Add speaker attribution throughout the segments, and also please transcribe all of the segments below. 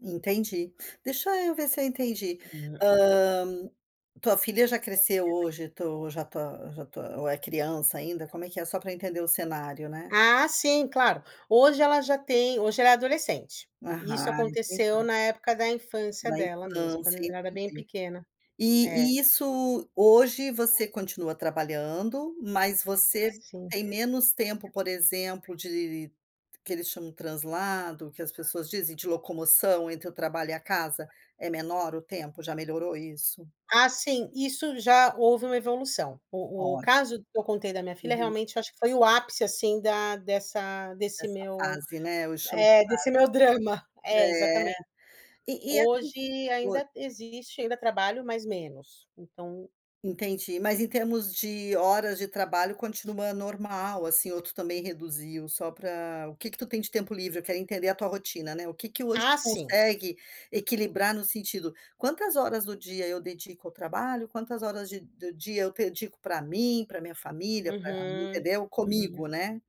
Speaker 1: Entendi, deixa eu ver se eu entendi,
Speaker 2: [unintelligible]
Speaker 1: hã, tua filha já cresceu hoje, tu já tá já tá ou é criança ainda? Como é que é? Só para entender o cenário, né.
Speaker 2: Ah sim, claro. Hoje ela já tem hoje ela é adolescente. Isso
Speaker 1: Aham,
Speaker 2: aconteceu
Speaker 1: entendi.
Speaker 2: na época da infância
Speaker 1: Na
Speaker 2: dela mesmo, quando
Speaker 1: infância,
Speaker 2: ela era bem
Speaker 1: entendi.
Speaker 2: pequena. É.
Speaker 1: E e isso hoje, você continua trabalhando mas você
Speaker 2: Sim.
Speaker 1: tem menos tempo, por exemplo, de que eles chamam translado, que as pessoas dizem de locomoção entre o trabalho e a casa. É menor o tempo, já melhorou isso?
Speaker 2: Ah sim, isso já houve uma evolução. O o
Speaker 1: Pode.
Speaker 2: caso que eu contei da minha filha,
Speaker 1: Uhum.
Speaker 2: realmente, acho que foi o ápice, assim, da dessa desse
Speaker 1: Essa
Speaker 2: meu
Speaker 1: fase, né, eu chamo de
Speaker 2: desse meu drama, é,
Speaker 1: fase, né.
Speaker 2: exatamente.
Speaker 1: Eh, e e esses
Speaker 2: Hoje
Speaker 1: oi.
Speaker 2: ainda existe ainda trabalho, mas menos, então
Speaker 1: Entendi, mas em termos de horas de trabalho continua normal, assim, ou tu também reduziu só para o que que tu tem de tempo livre? Eu quero entender a tua rotina, né. O que que hoje tu
Speaker 2: Ah, sim.
Speaker 1: consegue equilibrar no sentido, quantas horas do dia eu dedico ao trabalho, quantas horas de do dia eu dedico para mim, para minha família, para
Speaker 2: Uhum,
Speaker 1: entendeu
Speaker 2: uhum.
Speaker 1: Comigo, né.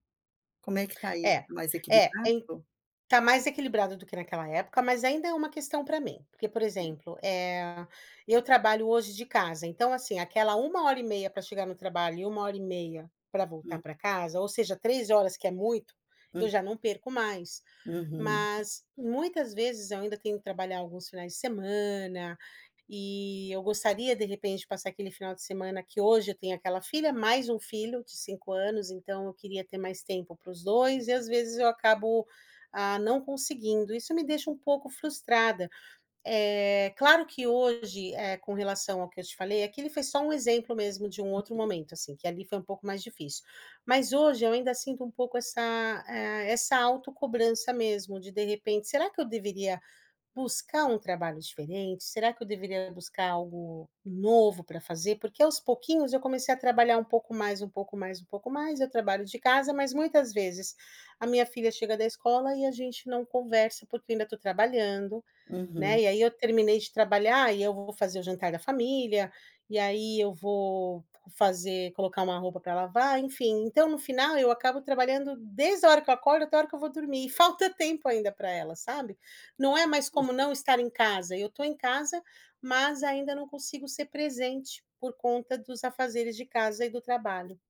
Speaker 1: Como é que está isso?
Speaker 2: É,
Speaker 1: Mais
Speaker 2: é, ain
Speaker 1: equilibrado?
Speaker 2: tá mais equilibrado do que naquela época, mas ainda é uma questão para mim, porque por exemplo, eh, eu trabalho hoje de casa, então assim, aquela 1 hora e meia para chegar no trabalho e 1 hora e meia para voltar
Speaker 1: Uhum.
Speaker 2: para casa, ou seja 3 horas que é muito, eu
Speaker 1: Hum.
Speaker 2: já não perco mais.
Speaker 1: Uhum.
Speaker 2: Mas muitas vezes eu ainda tenho que trabalhar alguns finais de semana e eu gostaria, de repente, de passar aquele final de semana que hoje eu tenho aquela filha, mais um filho de 5 anos, então eu queria ter mais tempo para os dois e às vezes eu acabo, hã, não conseguindo. Isso me deixa um pouco frustrada. Eh, claro que hoje, eh, com relação ao que eu te falei, aquilo foi só um exemplo mesmo de um outro
Speaker 1: Uhum.
Speaker 2: momento, assim, que ali foi um pouco mais difícil. Mas hoje eu ainda sinto um pouco essa ah, essa autocobrança mesmo, de, de repente, será que eu deveria buscar um trabalho diferente, será que eu deveria buscar algo novo para fazer? Porque aos pouquinhos eu comecei a trabalhar um pouco mais, um pouco mais, um pouco mais, eu trabalho de casa, mas muitas vezes, a minha filha chega da escola e a gente não conversa porque eu ainda estou trabalhando,
Speaker 1: Uhum.
Speaker 2: né, e aí eu terminei de trabalhar e eu vou fazer o jantar da família. E aí eu vou fazer colocar uma roupa para lavar, enfim, então no final eu acabo trabalhando desde a hora que eu acordo até hora que eu vou dormir. E falta tempo ainda para ela, sabe. Não é mais como
Speaker 1: Ixi.
Speaker 2: não estar em casa, eu estou em casa, mas ainda não consigo ser presente por conta dos afazeres de casa e do trabalho.